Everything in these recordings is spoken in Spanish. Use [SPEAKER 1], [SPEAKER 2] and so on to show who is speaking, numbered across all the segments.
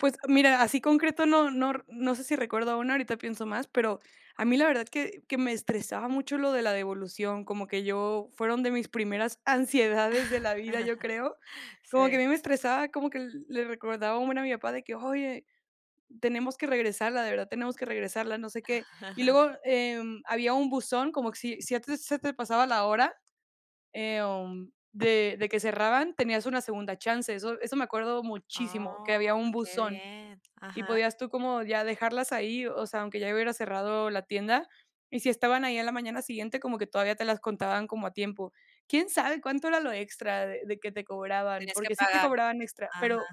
[SPEAKER 1] Pues mira, así concreto, no no r sé si recuerdo una, ahorita pienso más, pero a mí la verdad que que me estresaba mucho lo de la devolución, como que yo fueron de mis primeras ansiedades de la vida, yo creo, como que a
[SPEAKER 2] Sí.
[SPEAKER 1] mí me estresaba, como que el le recordaba un buen a mi papá de que oye, tenemos que regresarla, de verdad tenemos que regresarla, no sé qué, y luego, em, había un buzón, como que si si a ti se te pasaba la hora, em, de de que cerraban, tenías una segunda chance, eso eso me acuerdo muchísimo, que
[SPEAKER 2] Ah,
[SPEAKER 1] había un
[SPEAKER 2] qué
[SPEAKER 1] buzón,
[SPEAKER 2] bien.
[SPEAKER 1] y
[SPEAKER 2] Ajá.
[SPEAKER 1] podías tú como ya dejarlas ahí, o sea, aunque ya hubiera cerrado la tienda, y si estaban ahí a la mañana siguiente, como que todavía te las contaban como a tiempo. Quién sabe cuánto era lo extra de de que te cobraban,
[SPEAKER 2] Tenías que
[SPEAKER 1] porque sí te
[SPEAKER 2] pagar,
[SPEAKER 1] cobraban extra,
[SPEAKER 2] ajá.
[SPEAKER 1] pero,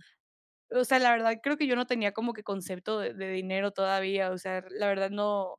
[SPEAKER 1] o sea, la verdad creo que yo no tenía como que concepto de de dinero todavía, o sea, la verdad no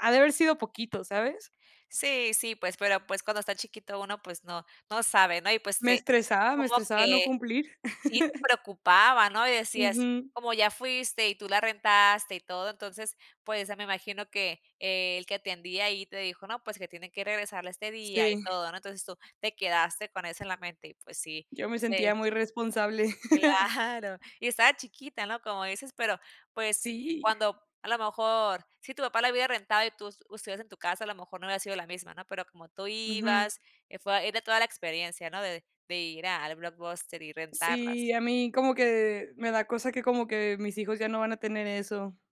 [SPEAKER 1] ha de haber sido poquito, ¿sabes?
[SPEAKER 2] Sí, sí, pues, pero, pues, cuando está chiquito uno, pues, no, no sabe, ¿no? Y, pues,
[SPEAKER 1] Me
[SPEAKER 2] sí
[SPEAKER 1] estresaba, me
[SPEAKER 2] como que
[SPEAKER 1] estresaba no cumplir.
[SPEAKER 2] sí te preocupaba, ¿no? Y decías,
[SPEAKER 1] Ujú.
[SPEAKER 2] como ya fuiste y tú la rentaste, y todo, entonces, pues, eh, me imagino que el que atendía ahí te dijo: "No, pues, que tiene que regresarla este día" y
[SPEAKER 1] Sí.
[SPEAKER 2] todo, ¿no? Entonces, tú te quedaste con eso en la mente y, pues, sí,
[SPEAKER 1] Yo me
[SPEAKER 2] les
[SPEAKER 1] sentía muy responsable.
[SPEAKER 2] Claro. Y estabas chiquita, ¿no? Como dices, pero, pues,
[SPEAKER 1] Sí.
[SPEAKER 2] cuando, a lo mejor, si tu papá la hubiera rentado, y tu s ustedes en tu casa a lo mejor no había sido la misma, ¿no? Pero como tú
[SPEAKER 1] Ujú.
[SPEAKER 2] ibas, eh, fue ahí de toda la experiencia, ¿no? De de ir al blockbuster y rentarlas.
[SPEAKER 1] Sí, a mí como que me da cosa que como que mis hijos ya no van a tener eso.